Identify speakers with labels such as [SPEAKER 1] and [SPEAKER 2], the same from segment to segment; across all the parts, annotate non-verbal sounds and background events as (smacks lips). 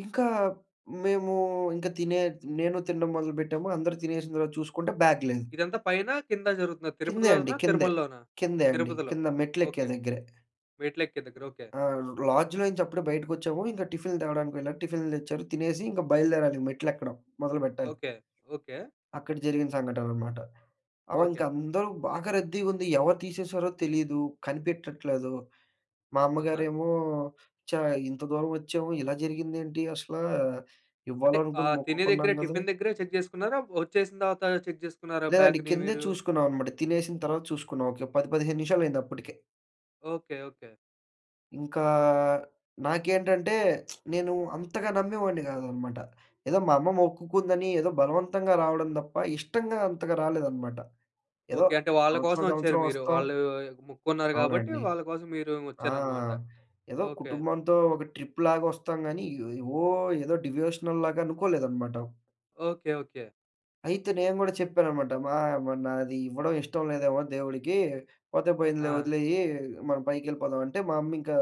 [SPEAKER 1] ఇంకా మేమూ ఇంక తినేద్ నేను తినడం మొదలుపెట్టాము. అందరు తినేసిన తర్వాత చూసుకుంటే బ్యాగ్ లేదు.
[SPEAKER 2] ఇదంతా పైనా, కిందా జరుగుతుందా?
[SPEAKER 1] కిందే అండి.
[SPEAKER 2] తిరుపతిలోనా?
[SPEAKER 1] కిందే.
[SPEAKER 2] తిరుమలలోనా?
[SPEAKER 1] కిందే అండి.
[SPEAKER 2] తిరుపతిలో.
[SPEAKER 1] కింద మెట్లెక్కే
[SPEAKER 2] ఓకే.
[SPEAKER 1] దగ్గరే.
[SPEAKER 2] మెట్లెక్కే దగ్గర. ఓకే.
[SPEAKER 1] ఆ! లాడ్జ్‌లో నుంచి అప్పుడే బయటకొచ్చాము. ఇంక టిఫిన్లు తేవడానికి వెళ్ళాడు. టిఫిన్లు తెచ్చారు. తినేసి ఇంక బయలుదేరాలి. మెట్లెక్కడం మొదలుపెట్టాలి.
[SPEAKER 2] ఓకే. ఓకే.
[SPEAKER 1] అక్కడ జరిగిన సంఘటన అనమాట. అవు ఇంక
[SPEAKER 2] ఓకే.
[SPEAKER 1] అందరూ బాగా రద్దీగుంది. ఎవరు తీసేశారో తెలీదు. కనిపెట్టట్లేదు. మా
[SPEAKER 2] ఆహా!
[SPEAKER 1] అమ్మగారేమో, "ఛా! ఇంత దూరమొచ్చాము. ఇలా జరిగిందేంటి అసలా?
[SPEAKER 2] అంటే,
[SPEAKER 1] ఇవ్వాలనుకుని
[SPEAKER 2] ఆహ్, తినే
[SPEAKER 1] మొక్కుకున్నాం
[SPEAKER 2] దగ్గిరే,
[SPEAKER 1] గదా!"
[SPEAKER 2] టిఫిన్ దగ్గిరే, చెక్ చేసుకున్నారా? వొచ్చేసిన తర్వాతా చెక్ చేసుకున్నారా
[SPEAKER 1] లేదండి.
[SPEAKER 2] బ్యాగ్‌నీ
[SPEAKER 1] కిందే
[SPEAKER 2] మీరు?
[SPEAKER 1] చూసుకున్నాం అనమాట. తినేసిన తర్వాత చూసుకున్నాం. ఒకె 10, 15 నిషాలయిందప్పటికే.
[SPEAKER 2] Okay, okay.
[SPEAKER 1] ఇంకా నాకేంటంటే, (smacks lips) నేనూ అంతగా నమ్మేవోని కాదనమాట. ఏదో మా అమ్మ మొక్కుకుందని, ఏదో బలవంతంగా రావడం తప్ప, ఇష్టంగా అంతగా రాలేదనమాట. ఏదో
[SPEAKER 2] ఓకే. అంటే, వాళ్ళ
[SPEAKER 1] సంవత్సరం,
[SPEAKER 2] కోసవొచ్చారు
[SPEAKER 1] సంవత్సరం
[SPEAKER 2] మీరు.
[SPEAKER 1] వస్తాం.
[SPEAKER 2] వాళ్ళూ మొక్కున్నారు గాబట్టి,
[SPEAKER 1] అవునండి.
[SPEAKER 2] వాళ్ళ కోసం మీరూ
[SPEAKER 1] ఆ!
[SPEAKER 2] వొచ్చారనమాట.
[SPEAKER 1] ఏదో
[SPEAKER 2] ఓకే.
[SPEAKER 1] కుటుంబంతో ఒక ట్రిప్‌లాగొస్తాం గానీ, ఇ ఇ ఓ ఏదో డివోషనల్‌లాగా అనుకోలేదనమాట.
[SPEAKER 2] Okay, okay.
[SPEAKER 1] అయితే, నేను గూడా చెప్పాననమాట. మా, మరి నాదీ ఇవ్వడం ఇష్టం లేదేమో దేవుడికీ. పోతే పోయిందిలే
[SPEAKER 2] ఆ!
[SPEAKER 1] వొదిలెయ్యీ. మనం పైకెళ్ళిపోదాం అంటే, మా అమ్మ ఇంకా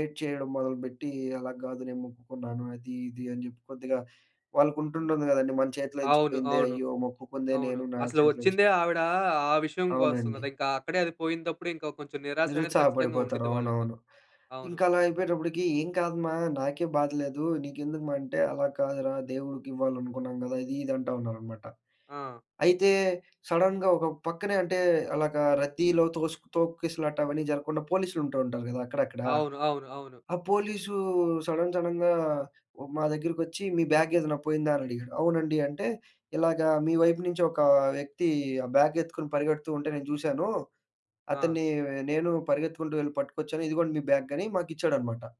[SPEAKER 1] ఏడ్చేయడం మొదలు పెట్టీ, "అలాగ్గాదు నేను మొక్కుకున్నాను." అదీ ఇదీ అని జెప్పి కొద్దిగా వాళ్ళకుంటుంటుంది గదండీ. మన చేతిలో నుంచి
[SPEAKER 2] అవును,
[SPEAKER 1] పోయిందే,
[SPEAKER 2] అవును.
[SPEAKER 1] అయ్యో! మొక్కుకుందే
[SPEAKER 2] అవును.
[SPEAKER 1] నేను. నా
[SPEAKER 2] అసలు
[SPEAKER 1] చేతిలో నుంచి
[SPEAKER 2] వొచ్చిందే ఆవిడా ఆ విషయం కోసం
[SPEAKER 1] అవునండి.
[SPEAKER 2] గదా! ఇంకా అక్కడే అది పోయిందప్పుడు ఇంకా కొంచెం నిరాశ అనేది
[SPEAKER 1] నిరుత్సాహ
[SPEAKER 2] ఖచ్చితంగా
[SPEAKER 1] పడిపోతారు.
[SPEAKER 2] ఉండుద్ది వాళ్ళకి.
[SPEAKER 1] అవునవును.
[SPEAKER 2] అవును.
[SPEAKER 1] ఇంక అలా అయిపోయేటప్పుడికీ, ఏం కాదు మా, నాకే బాధ లేదు. నీకెందుకు మా అంటే, "అలా కాదురా దేవుడికివ్వాలనుకున్నాం గదా!" ఇది, ఇది అంటా ఉన్నారనమాట.
[SPEAKER 2] ఆ!
[SPEAKER 1] అయితే, సడన్‌గా ఒక పక్కనే అంటే, అలాగా రద్దీలో తోసుక్ తోక్కిసలాట అవన్నీ జరగకుండా పోలీసులు ఉంటూ ఉంటారు గదా అక్కడక్కడా.
[SPEAKER 2] అవును, అవును, అవును.
[SPEAKER 1] ఆ పోలీసూ సడన్ సడన్‌గా ఒ మా దగ్గరకొచ్చి, మీ బ్యాగ్గేదన్నా పోయిందా అని అడిగాడు. అవునండి అంటే, ఇలాగా మీ వైపు నుంచి ఒకా వ్యక్తీ ఆ బ్యాగెత్తుకొని పరిగెడుతూ ఉంటే నేను చూశానూ.
[SPEAKER 2] ఆ!
[SPEAKER 1] అతన్నీ నేనూ పరిగెత్తుకుంటూ వెళ్లి పట్టుకొచ్చాను. ఇదిగోండి మీ బ్యాగ్ అని మాకు ఇచ్చాడనమాట.